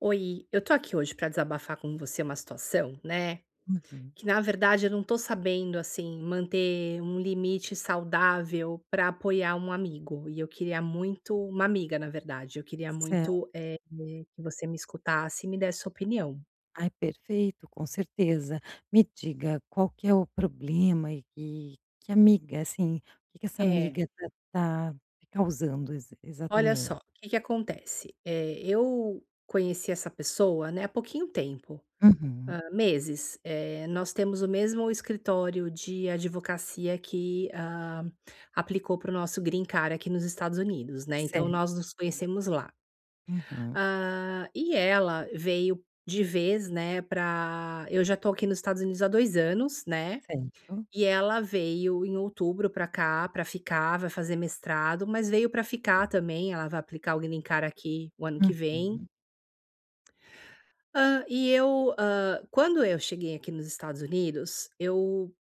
Oi, eu tô aqui hoje pra desabafar com você uma situação, né, Uhum. que na verdade eu não tô sabendo, assim, manter um limite saudável pra apoiar um amigo e eu queria muito uma amiga, na verdade, eu queria Certo. muito, eh, que você me escutasse e me desse sua opinião. Ai, perfeito, com certeza. Me diga, qual que é o problema e que que amiga, assim, o que que essa É. amiga tá tá te causando ex Olha exatamente? só, o que que acontece? Eh, eu conheci essa pessoa, né, há pouquinho tempo, Uhum. hã, meses. Eh, nós temos o mesmo escritório de advocacia que, hã, aplicou para o nosso green card aqui nos Estados Unidos, né. Então Certo. nós nos conhecemos lá. Uhum. Hã, e ela veio de vez, né, pra eu já estou aqui nos Estados Unidos há 2 anos, né. Certo. E ela veio em outubro pra cá pra ficar, vai fazer mestrado, mas veio pra ficar também, ela vai aplicar o green card aqui o ano que vem. Uhum. Hã, e eu, hã, quando eu cheguei aqui nos Estados Unidos, eu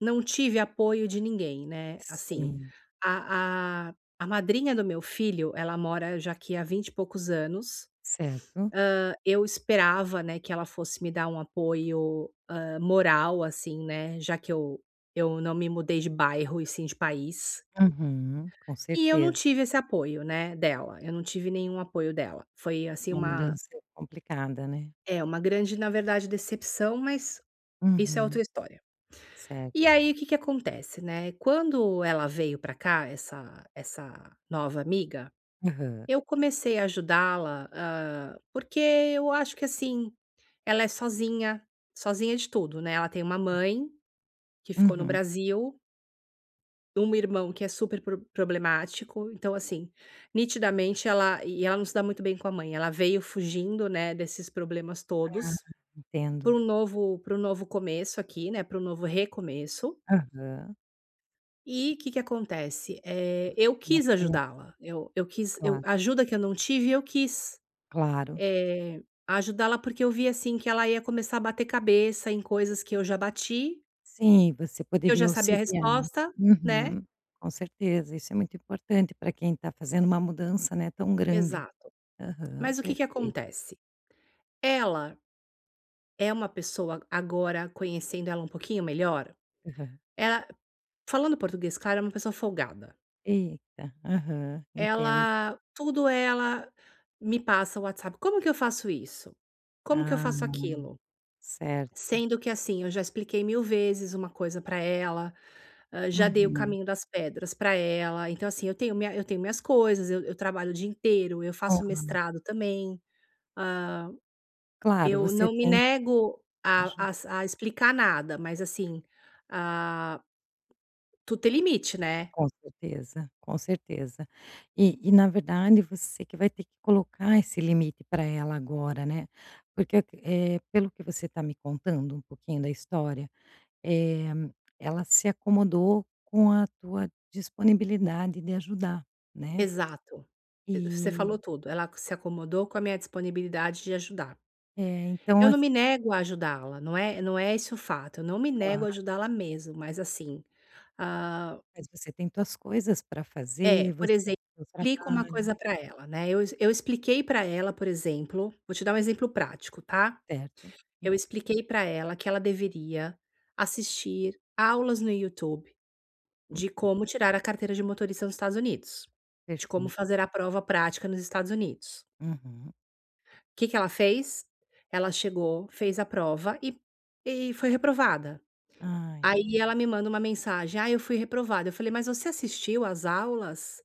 não tive apoio de ninguém, né, assim. Sim. A a a madrinha do meu filho, ela mora já aqui há vinte e poucos anos. Certo. Hã, eu esperava, né, que ela fosse me dar um apoio, hã, moral assim, né. Já que eu eu não me mudei de bairro e sim de país. Uhum, com E eu não certeza. tive esse apoio, né, dela. Eu não tive nenhum apoio dela. Foi assim Uma uma mudança complicada, né. É, uma grande, na verdade, decepção, mas isso é outra Uhum. história. Certo. E aí o que que acontece, né? Quando ela veio pra cá, essa essa nova amiga, Aham. eu comecei a ajudá-la, hã, porque eu acho que assim, ela é sozinha, sozinha de tudo, né. Ela tem uma mãe que ficou no Uhum. Brasil um irmão que é super pro problemático, então assim, nitidamente ela e ela não se dá muito bem com a mãe, ela veio fugindo, né, desses problemas Ah, todos, para entendo. um novo para um novo começo aqui, né, para o novo recomeço. Aham. E que que acontece? É, Você eu quis [unintelligible] ajudá-la. Eu eu quis eu Claro. a ajuda que eu não tive, eu quis, Claro. eh, ajudá-la porque eu vi assim que ela ia começar a bater cabeça em coisas que eu já bati Sim, você que eu poderia já sabia a auxiliá-la. resposta, né. Uhum, com certeza, isso é muito importante para quem tá fazendo uma mudança, né, tão grande. Exato. Aham, Mas o que que perfeito. acontece? Ela é uma pessoa, agora conhecendo ela um pouquinho melhor, Aham. ela, falando português claro, é uma pessoa folgada. Eita, aham, entendo. Ela tudo ela me passa no WhatsApp, "como que eu faço isso? Como que eu Ah, faço aquilo"? certo. Sendo que assim, eu já expliquei mil vezes uma coisa para ela, hã, já dei o Uhum. caminho das pedras para ela. Então assim, eu tenho minha eu tenho minhas coisas, eu eu trabalho o dia inteiro, eu faço Aham. mestrado também. Hã, Claro, eu você não me tem nego a aju às, a explicar nada, mas assim, ah, tudo tem limite, né. Com certeza, com certeza. E e na verdade, você que vai ter que colocar esse limite para ela agora, né. Porque, eh, pelo que você está me contando, um pouquinho da história, eh, ela se acomodou com a tua disponibilidade de ajudar, né. Exato, você falou E tudo. Ela se acomodou com a minha disponibilidade de ajudar. É, então Eu não ass me nego a ajudá-la, não é não é isso o fato, eu não me nego a Claro. ajudá-la mesmo, mas assim, hã Mas você tem tuas coisas para é, fazer, por você exemplo, tem o explico uma trabalho. coisa para ela, né. Eu ex eu expliquei para ela, por exemplo, vou te dar um exemplo prático, tá? Certo. hum. Eu expliquei para ela que ela deveria assistir aulas no YouTube de Uhum. como tirar a carteira de motorista nos Estados Unidos. De como Perfeito. fazer a prova prática nos Estados Unidos. Uhum. Que que ela fez? Ela chegou, fez a prova e e foi reprovada. Ai. Aí ela me manda uma mensagem, "Ai, eu fui reprovada". Eu falei: "Mas você assistiu às aulas?"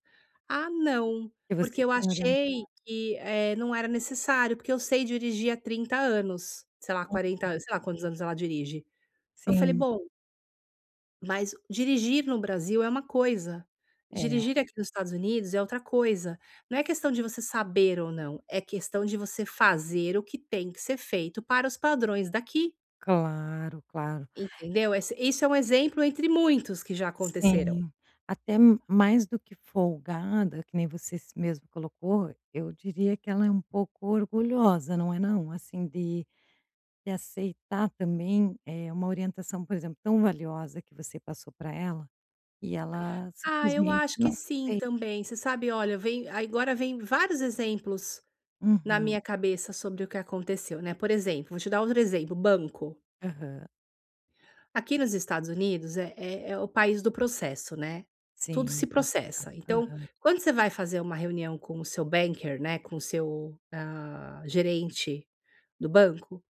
"Ah, não, Que você porque eu tinha orientado. achei que, eh, não era necessário, porque eu sei dirigir há 30 anos, sei lá, 40 Aham. an", sei lá quantos anos ela dirige. Eu falei, Sim. "Bom" mas dirigir no Brasil é uma coisa, É. dirigir aqui nos Estados Unidos é outra coisa. Não é questão de você saber ou não, é questão de você fazer o que tem que ser feito para os padrões daqui. Claro, claro. Entendeu? Ess isso é um exemplo entre muitos que já aconteceram. Sim, até m mais do que folgada, que nem você s mesma colocou, eu diria que ela é um pouco orgulhosa, não é não? Assim, de de aceitar também, eh, uma orientação, por exemplo, tão valiosa que você passou pra ela e ela, Ah, eu simplesmente, acho que não sim fez. também, você sabe, olha, vem, agora vem vários exemplos na Uhum. minha cabeça sobre o que aconteceu, né. Por exemplo, vou te dar outro exemplo, banco. Aham. Aqui nos Estados Unidos é é o país do processo, né, tudo Sim, se natural. processa, então, Aham. quando você vai fazer uma reunião com o seu banker, né, com o seu, hã, gerente do banco,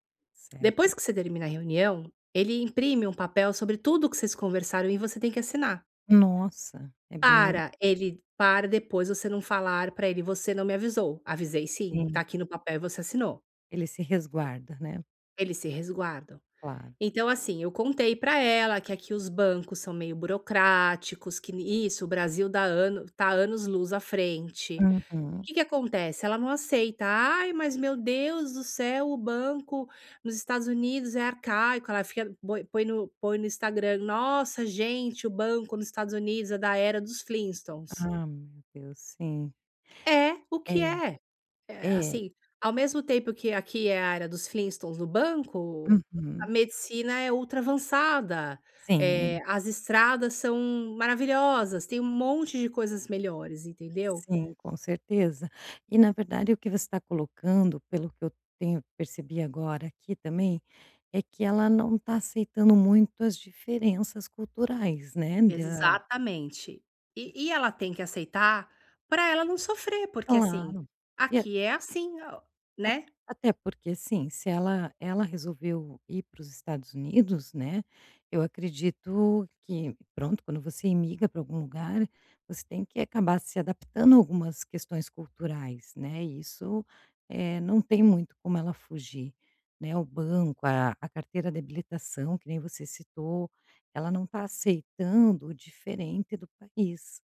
Certo. depois que você termina a reunião, ele imprime um papel sobre tudo que vocês conversaram e você tem que assinar. Nossa, é bem Para ele para depois você não falar pra ele: "Você não me avisou". "Avisei sim, Sim. tá aqui no papel, você assinou". Ele se resguarda, né. Eles se resguardam. Claro. Então assim, eu contei pra ela que aqui os bancos são meio burocráticos, que n isso, o Brasil dá anos tá anos-luz à frente e Uhum. que que acontece, ela não aceita. "Ai, mas meu Deus do céu, o banco nos Estados Unidos é arcaico", ela fica, põe põe no põe no Instagram: "Nossa, gente, o banco nos Estados Unidos é da era dos Flintstones". Ah, meu Deus, sim. É o que É, é. É, é. assim, ao mesmo tempo que aqui é a era dos Flintstones no banco, a Uhum. medicina é ultra avançada, eh, Sim. as estradas são maravilhosas, tem um monte de coisas melhores, entendeu. Sim, com certeza e na verdade, o que você tá colocando, pelo que eu tenho percebi agora aqui também, é que ela não tá aceitando muito as diferenças culturais, né, da Exatamente Ess e e ela tem que aceitar pra ela não sofrer, porque assim, Claro, e a aqui é assim o a né. até porque sim, se ela ela resolveu ir para os Estados Unidos, né, eu acredito que, pronto, quando você imigra pra algum lugar, você tem que acabar se adaptando a algumas questões culturais, né, isso, eh, não tem muito como ela fugir, né, o banco, a a carteira de habilitação, que nem você citou, ela não tá aceitando o diferente do país,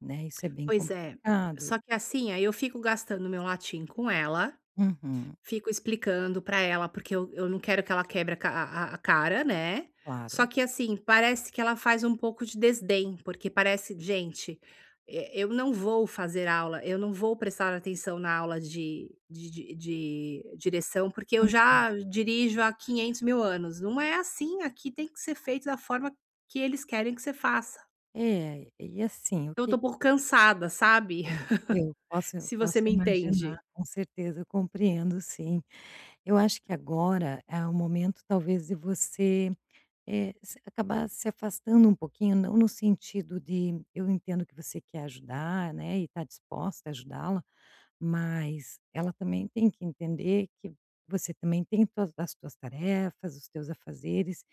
né, isso é bem Pois é, complicado só e que assim, aí eu fico gastando meu latim com ela, Uhum. fico explicando pra ela, porque eu eu não quero que ela quebre a ca a a cara, né, só Claro. que assim, parece que ela faz um pouco de desdém, porque parece: "Gente, eh, eu não vou fazer aula, eu não vou prestar atenção na aula de de de direção, porque eu Uhum. já dirijo há quinhentos mil anos". Não é assim, aqui tem que ser feito da forma que eles querem que você faça. É, e assim, o Eu que estou um que pouco cansada, sabe. [unintelligible] eu posso, Se posso você me imaginar, entende. com certeza, eu compreendo, sim. Eu acho que agora é o momento talvez de você, eh, você acabar se afastando um pouquinho, não no sentido de eu entendo que você quer ajudar, né, e está disposta a ajudá-la, mas ela também tem que entender que você também tem tuas as tuas tarefas, os teus afazeres.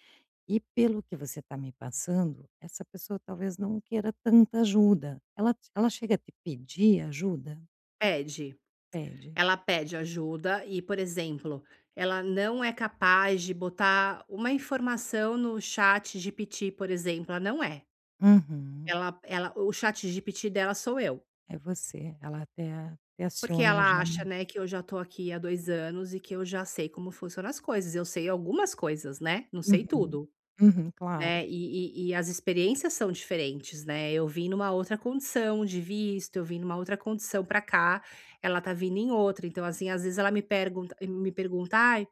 E pelo que você está me passando, essa pessoa talvez não queira tanta ajuda. Ela t ela chega a te pedir ajuda? Pede. Pede. Ela pede ajuda e, por exemplo, ela não é capaz de botar uma informação no ChatGPT, por exemplo, ela não é. Uhum. Ela, ela o ChatGPT dela sou eu. É você, ela até até Porque aciona já. ela acha, né, que eu já estou aqui há 2 anos e que eu já sei como funcionam as coisas. Eu sei algumas coisas, né. Não sei Uhum, tudo, uhum, claro. né. E e e as experiências são diferentes, né. Eu vim numa outra condição de visto, eu vim numa outra condição para cá, ela está vindo em outra. Então assim, às vezes ela me pergunta me pergunta: "Ai,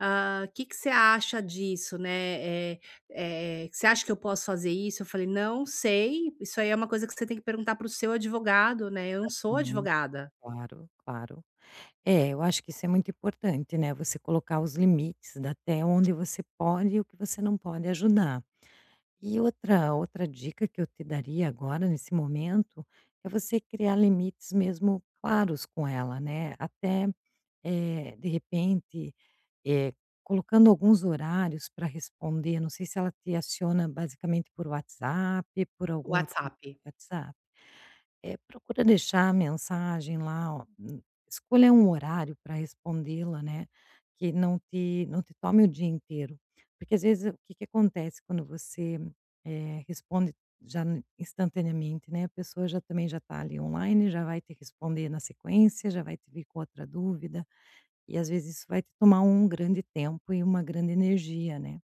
hã, que que cê acha disso, né. Eh, eh, você acha que eu posso fazer isso?" Eu falei: "Não sei, isso aí é uma coisa que você tem que perguntar para o seu advogado, né. Eu não sou Uhum. advogada". Claro, claro. É, eu acho que isso é muito importante, né, você colocar os limites até onde você pode e o que você não pode ajudar. E outra outra dica que eu te daria agora, nesse momento, é você criar limites mesmo claros com ela, né. Até, eh, de repente, eh, colocando alguns horários para responder. Não sei se ela te aciona basicamente por WhatsApp, por algum outro WhatsApp. WhatsApp. É, procura deixar a mensagem lá, ó, escolha um horário pra respondê-la, né, que não te não te tome o dia inteiro. Porque às vezes, o que que acontece quando você, eh, responde já n instantaneamente, né. A pessoa já também já está ali online, já vai te responder na sequência, já vai te vir com outra dúvida, e às vezes isso vai te tomar um grande tempo e uma grande energia, né.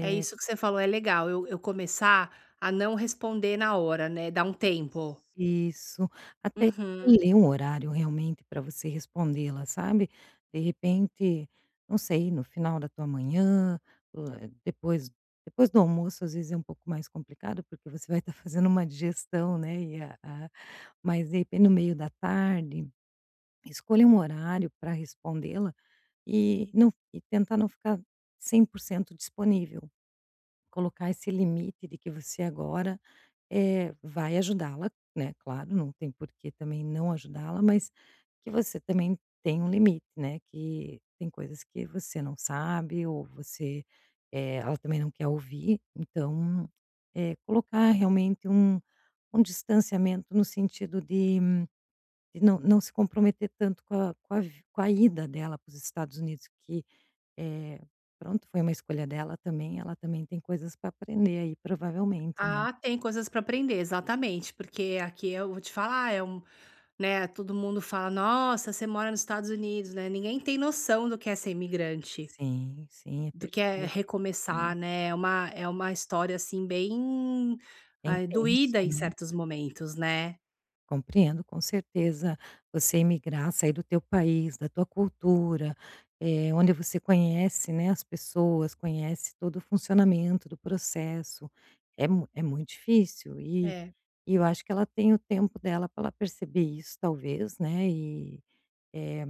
É isso que você falou, é legal eu, eu começar a não responder na hora, né. Dar um tempo. Isso, até Uhum. escolher um horário realmente para você respondê-la, sabe. De repente, não sei, no final da tua manhã, hã, depois, depois do almoço às vezes é um pouco mais complicado, porque você vai estar fazendo uma digestão, né. E a a mas de repente no meio da tarde, escolha um horário pra respondê-la e não f e tentar não ficar 100% disponível. Colocar esse limite de que você agora, é, vai ajudá-la, né, claro, não tem porque também não ajudá-la, mas que você também tem um limite, né. Que tem coisas que você não sabe ou você, eh, ela também não quer ouvir. Então, é, colocar realmente um um distanciamento no sentido de de não não se comprometer tanto com a com a vi com a ida dela para os Estados Unidos, que, é, pronto, foi uma escolha dela também, ela também tem coisas para aprender aí, provavelmente, né. Ah, tem coisas pra aprender, exatamente, porque aqui eu vou te falar, é um né todo mundo fala: "Nossa, você mora nos Estados Unidos, né." Ninguém tem noção do que é ser imigrante Sim, sim, do que é [unintelligible] é. recomeçar, né. É uma é uma história assim bem, É ai, intenso, doída em né. certos momentos, né. Compreendo, com certeza. Você emigrar, sair do teu país, da tua cultura, eh, onde você conhece, né, as pessoas, conhece todo o funcionamento do processo, é mu é muito difícil. E, É. e eu acho que ela tem o tempo dela para ela perceber isso, talvez, né. E, eh,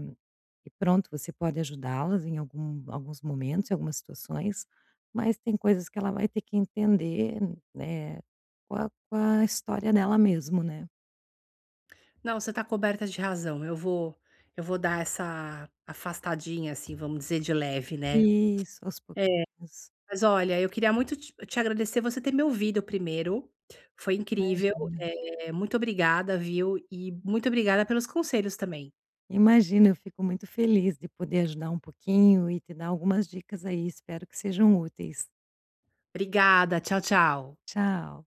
e pronto, você pode ajudá-las em algum alguns momentos, em algumas situações, mas tem coisas que ela vai ter que entender, né, com a com a história dela mesmo, né. Não, você está coberta de razão. Eu vou eu vou dar essa afastadinha assim, vamos dizer, de leve, né. Isso, aos É, pouquinhos. mas olha, eu queria muito te te agradecer você ter me ouvido primeiro. Foi incrível. Imagina. Eh, muito obrigada, viu. E muito obrigada pelos conselhos também. Imagina, eu fico muito feliz de poder ajudar um pouquinho e te dar algumas dicas aí, espero que sejam úteis. Obrigada. Tchau, tchau. Tchau.